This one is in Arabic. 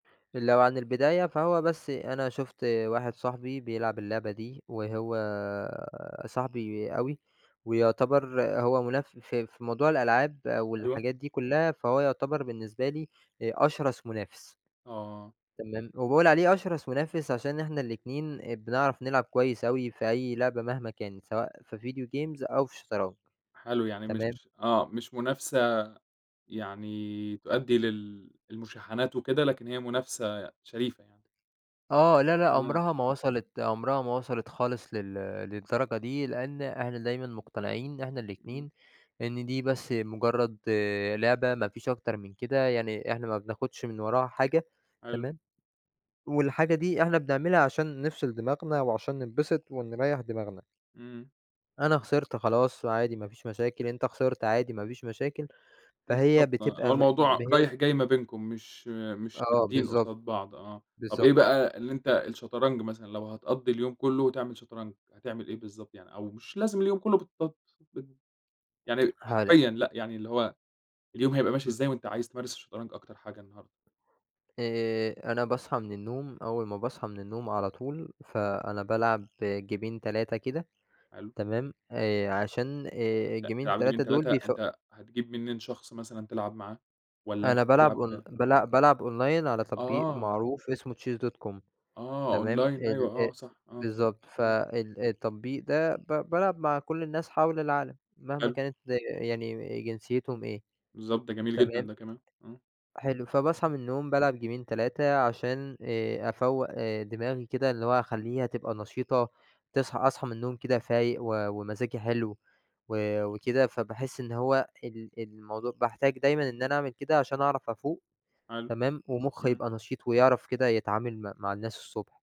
لو عن البداية فهو بس أنا شُفت واحد صاحبي بيلعب اللعبة دي، وهو صاحبي أوي، ويُعتبر هو مناف في في موضوع الألعاب أيوَه. والحاجات دي كلّها، فهو يُعتبر بالنسبة لي آآ، أشرَس منافس. آه. تمام؟ وباقول عليه أشرَس منافس عشان إحنا الاتنين، آآ بنعرَف نلعب كويّس أوي في أي لعبة مهما كانت، سواء في video games أو في الشطرنج. حلو، يعني مش تمام؟ آه، مش منافسة يعني تؤدي لل المشاحنات وكده، لكن هي منافسة شريفة يعني. آه لا، لأ، آه. عُمرها ما وصَلت عُمرها ما وصَلت خالص لل للدرجة دي، لأن إحنا دايمًا مقتنعين إن إحنا إمم. الاتنين إن دي بس مجرّد لعبة، ما فيش أكتر من كده، يعني إحنا ما بناخدش من وراها حاجة. حلو. تمام، والحاجة دي إحنا بنعملها عشان نفصِل دماغنا وعشان ننبسط ونريّح دماغنا. إمم. أنا خسِرت خلاص، عادي ما فيش مشاكل، أنت خسِرت عادي ما فيش مشاكل، فهي بالضبط آه، اللي هو بتبقى م إن الموضوع هي رايح جاي ما بينكم، مش مش آه، شادّين بالضبط قصاد بعض، آه. طَب بالضبط. إيه بقى اللي أنت الشطرنج مثلًا لو هتقضّي اليوم كلّه تعمل شطرنج، هتعمل إيه بالضبط يعني؟ أو مش لازم اليوم كلّه بالت بال يعني [unintelligible] حرفيًا لأ، يعني اللي هو اليوم هيبقى ماشي إمم. إزاي وأنت عايز تمارس الشطرنج أكتر حاجة النهارده؟ آآ، أنا باصحَى من النوم أول ما باصحَى من النوم على طول، فأنا بالعب جيمين 3 كده. حلو. تمام؟ آآ، عشان آآ لأ، الجيمين تلعب جيمين، 3 دول 3، بيف أنت هتجيب منين شخص مثلًا تلعب معاه؟ والّا أنت أنا بالعب أون بتلعب بل بالعب أونلاين على تطبيق آه. معروف اسمه chess.com، آه، تمام، أونلاين ال أيوَه آآ آه، صح آه، بالضبط، إمم. فال التطبيق ده ب بالعب مع كل الناس حَول العالم، مهما حلو. كانت يعني جنسيتهم إيه. بالضبط، ده جميل جدًا تمام. ده كمان، آه. حلو. فباصحَى من النوم بالعب جيمين، 3 عشان آآ أفوّق آآ دماغي كده، اللي هو أخلّيها تبقى نشيطة، تصحَى أصحَى من النوم كده فايق و ومزاجي حلو و وكده، فباحس إن هو ال الموضوع باحتاج دايمًا إن أنا أعمل كده عشان أعرَف أفوق. حلو تمام، ومخي إمم. يبقى نشيط ويعرَف كده يتعامل م مع الناس الصبح.